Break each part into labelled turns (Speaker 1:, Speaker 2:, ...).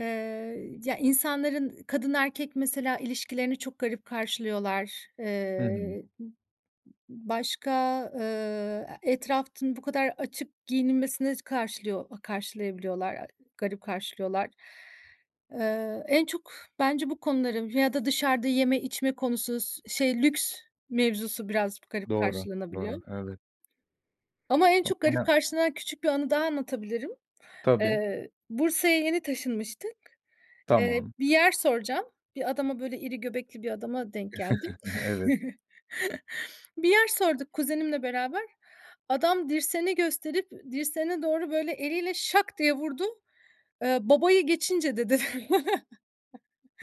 Speaker 1: Eee, ya, insanların kadın erkek mesela ilişkilerini çok garip karşılıyorlar.
Speaker 2: Hı hı.
Speaker 1: Eee, m m başka, eee, e etrafın bu kadar açık giyinilmesine s karşılıyor a karşılayabiliyorlar, a garip karşılıyorlar. Eee, en çok bence bu konuların ya da dışarda yeme içme konusu s şey, lüks mevzusu biraz p garip
Speaker 2: Doğru,
Speaker 1: karşılanabiliyor.
Speaker 2: doğru, evet.
Speaker 1: Ama en çok garip
Speaker 2: [unintelligible]
Speaker 1: karşılanan küçük bir anı daha anlatabilirim.
Speaker 2: Tabii.
Speaker 1: Eee, Bursa'ya yeni taşınmıştık. Eee,
Speaker 2: Tamam.
Speaker 1: bir yer soracağım. Bir adama, böyle, iri göbekli bir adama denk geldim.
Speaker 2: Evet.
Speaker 1: Bir yer sorduk kuzenimle beraber. Adam dirseğini gösterip, dirseğine doğru böyle eliyle şak diye vurdu. Eee, "Babayı geçince." dedi.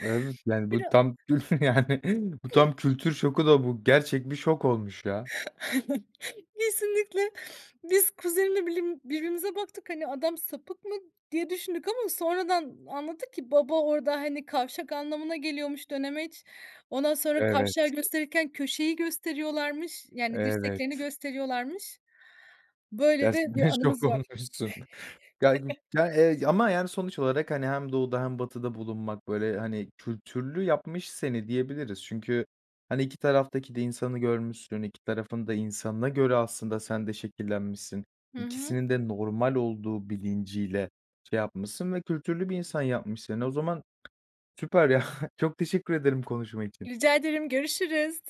Speaker 2: Evet, yani, bu
Speaker 1: Bira
Speaker 2: tam yani, bu tam kültür şoku da bu gerçek bir şok olmuş, ya.
Speaker 1: Kesinlikle. Biz kuzenimle bilim birbirimize baktık. Hani, "Adam sapık mı?" diye düşündük ama sonradan anladık ki baba orda, hani, kavşak anlamına geliyormuş, dönemeç. Ondan sonra kavşağı
Speaker 2: Evet.
Speaker 1: gösterirken köşeyi gösteriyorlarmış, yani, dirseklerini
Speaker 2: Evet.
Speaker 1: gösteriyorlarmış. Böyle de
Speaker 2: Gerçekten
Speaker 1: bir
Speaker 2: şok
Speaker 1: anımız var.
Speaker 2: olmuşsun. Gaygıp ya, eee, ama, yani, sonuç olarak, hani, hem doğuda hem batıda bulunmak, böyle, hani, kültürlü yapmış seni diyebiliriz. Çünkü, hani iki taraftaki de insanı görmüşsün, iki tarafın da insanına göre aslında sen de şekillenmişsin.
Speaker 1: Hı hı.
Speaker 2: İkisinin de normal olduğu bilinciyle şey yapmışsın ve kültürlü bir insan yapmış seni. O zaman süper, ya. Çok teşekkür ederim konuşma için.
Speaker 1: Rica ederim. Görüşürüz.